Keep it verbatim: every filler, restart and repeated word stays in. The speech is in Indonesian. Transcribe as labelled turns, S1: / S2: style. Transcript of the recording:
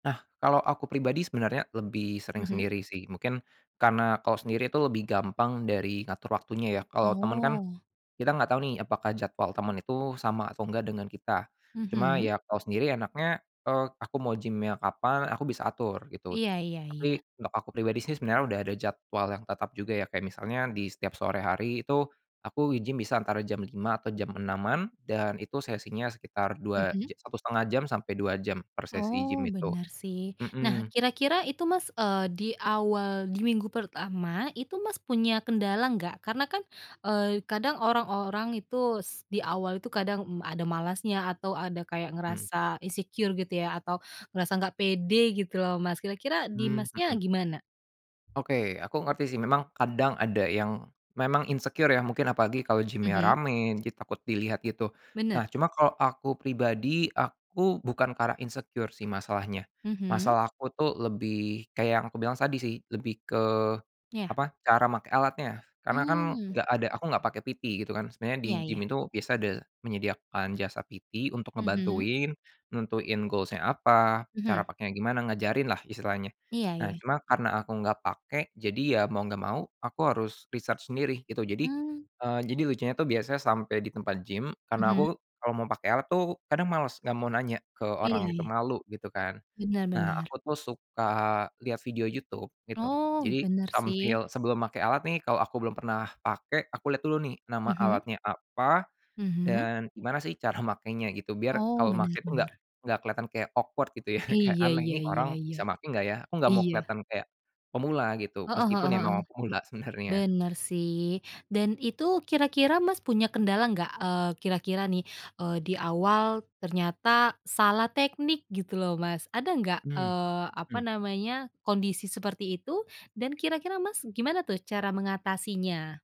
S1: Nah kalau aku pribadi sebenarnya lebih sering
S2: Mhm.
S1: sendiri sih mungkin, karena kalau sendiri itu lebih gampang dari ngatur waktunya ya kalau temen kan,
S2: Oh.
S1: kita nggak tahu nih apakah jadwal temen itu sama atau nggak dengan kita, cuma
S2: Mhm.
S1: ya kalau sendiri enaknya, eee, aku mau gym-nya kapan aku bisa atur gitu,
S2: Iya iya iya.
S1: tapi untuk aku pribadi sih sebenarnya udah ada jadwal yang tetap juga ya kayak misalnya di setiap sore hari itu, aku gym bisa antara jam lima atau jam enaman dan itu sesinya sekitar dua
S2: Mhm.
S1: ja satu setengah jam sampai dua jam per sesi gym
S2: Oh
S1: itu,
S2: benar sih nah
S1: mhm.
S2: kira-kira itu Mas, eee, di awal di minggu pertama itu Mas punya kendala enggak? Karena kan, eee, kadang orang-orang itu s di awal itu kadang ada malasnya atau ada kayak
S1: Mhm.
S2: ngerasa insecure gitu ya atau ngerasa nggak pede gitu loh Mas kira-kira di
S1: Mmm,
S2: Masnya
S1: mhm.
S2: gimana?
S1: Oke aku ngerti sih memang kadang ada yang, memang insecure ya mungkin apalagi kalau gym
S2: Mhm.
S1: ramai jadi takut dilihat gitu, nah
S2: Bener.
S1: cuma kalau aku pribadi aku bukan karena insecure sih masalahnya,
S2: Mhm.
S1: masalah aku tuh lebih kayak yang aku bilang tadi sih lebih ke,
S2: Iya.
S1: apa cara make alatnya karena kan
S2: Mmm.
S1: enggak ada aku nggak pakai PT gitu kan sebenarnya
S2: Iya
S1: gym
S2: iya.
S1: itu biasa ada menyediakan jasa PT untuk
S2: Mhm.
S1: ngebantuin, nentuin goals-nya apa cara
S2: Mhm.
S1: pakainya gimana ngajarinlah, istilahnya
S2: Iya
S1: nah
S2: iya.
S1: cuma karena aku enggak pakai jadi ya mau enggak mau aku harus riset sendiri gitu jadi,
S2: Mmm.
S1: eee, jadi lucunya itu biasanya sampai di tempat gym karena
S2: Mhm.
S1: aku, kalau mau pakai alat tuh kadang males nggak mau nanya ke
S2: Iya
S1: orang gitu
S2: iya.
S1: malu gitu kan,
S2: Bener
S1: nah
S2: bener.
S1: aku tuh suka lihat video YouTube gitu
S2: Oh
S1: jadi
S2: bener
S1: sambil
S2: sih
S1: sebelum make alat nih kalau aku belum pernah pakai aku lihat dulu nih nama
S2: Mhm.
S1: alatnya apa,
S2: Mhm.
S1: dan gimana sih cara makainya gitu biar
S2: Oh
S1: kalau
S2: bener
S1: make tuh nggak
S2: bener.
S1: nggak kelihatan kayak awkward gitu ya kayak
S2: Iya
S1: aneh
S2: iya
S1: ini
S2: iya
S1: orang
S2: iya,
S1: bisa make enggak ya aku enggak mau
S2: iya.
S1: kelihatan kayak, pemula gitu
S2: Heeh
S1: meskipun
S2: heeh
S1: ya
S2: heeh,
S1: memang pemula sebenarnya.
S2: bener sih dan itu kira-kira Mas punya kendala nggak, eee, kira-kira nih, eee, di awal ternyata salah teknik gitu loh Mas ada nggak,
S1: Mmm
S2: eee, apa
S1: mmm.
S2: namanya kondisi seperti itu dan kira-kira Mas gimana tuh cara mengatasinya?